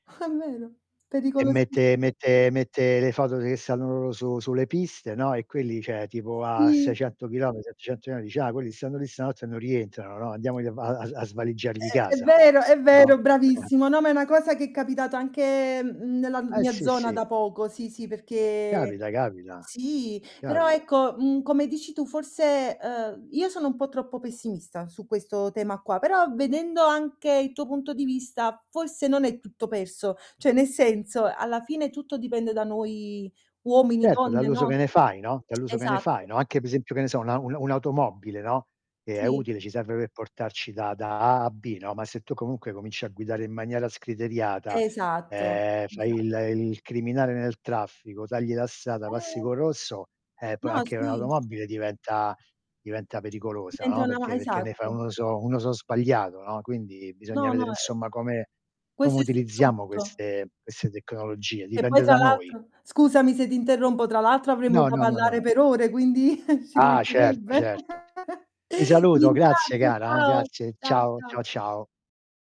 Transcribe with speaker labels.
Speaker 1: Ah, vero.
Speaker 2: E
Speaker 1: pericolosissi
Speaker 2: mette mette mette le foto che stanno loro su sulle piste, no? E quelli, cioè tipo a
Speaker 1: Sì.
Speaker 2: 600 chilometri, 700 metri, dice: "Ah, quelli stanno lì stanotte, e non rientrano, no, andiamogli a va a a svaligiargli
Speaker 1: Eh, è
Speaker 2: casa."
Speaker 1: vero, è
Speaker 2: No?
Speaker 1: vero,
Speaker 2: Eh, eh.
Speaker 1: bravissimo. No, ma è una cosa, che è capitato anche, mhmm, nella
Speaker 2: Eh,
Speaker 1: mia
Speaker 2: sì,
Speaker 1: zona
Speaker 2: sì.
Speaker 1: da poco, sì, sì, perché
Speaker 2: Capita, capita.
Speaker 1: Sì però,
Speaker 2: Capita.
Speaker 1: ecco, mhmm, come dici tu forse, uhm, io sono un po' troppo pessimista su questo tema qua, però vedendo anche il tuo punto di vista, forse non è tutto perso, cioè nel senso, alla fine tutto dipende da noi uomini,
Speaker 2: Certo,
Speaker 1: donne,
Speaker 2: dall'uso
Speaker 1: no?
Speaker 2: che ne fai, no dall'uso che ne
Speaker 1: Esatt
Speaker 2: fai, no, anche pe esempio, che ne so, un'a un un'automobile, no, che è
Speaker 1: Sì.
Speaker 2: utile, ci serve per portarci da da A a B, no, ma se tu comunque cominci a guidare in maniera scriteriata,
Speaker 1: Esatto,
Speaker 2: ehm, fai
Speaker 1: esatt
Speaker 2: il il criminale nel traffico, tagli la strada, passi
Speaker 1: Eh
Speaker 2: co' rosso, eh, poi
Speaker 1: No.
Speaker 2: anche
Speaker 1: Sì.
Speaker 2: un'automobile diventa diventa pericolosa,
Speaker 1: Diventa
Speaker 2: no,
Speaker 1: una ma
Speaker 2: perché perché ne fai
Speaker 1: esatto.
Speaker 2: un uso un uso sbagliato, no, quindi bisogna
Speaker 1: No,
Speaker 2: vedere
Speaker 1: no, e
Speaker 2: insomma, come come
Speaker 1: Questo è su
Speaker 2: utilizziamo
Speaker 1: tutto.
Speaker 2: queste queste tecnologie,
Speaker 1: E poi
Speaker 2: dipende
Speaker 1: tra
Speaker 2: da noi.
Speaker 1: l'altro scusami se ti interrompo tra l'altro avremmo
Speaker 2: No,
Speaker 1: da
Speaker 2: no, no,
Speaker 1: parlare
Speaker 2: no.
Speaker 1: per ore, quindi ci
Speaker 2: Ah, certo,
Speaker 1: mancherebbe.
Speaker 2: certo. Ti
Speaker 1: Ti
Speaker 2: saluto, grazie
Speaker 1: ringrazio,
Speaker 2: cara, eh,
Speaker 1: ciao.
Speaker 2: grazie,
Speaker 1: Ciao,
Speaker 2: ciao,
Speaker 1: ciao.
Speaker 2: ciao, ciao.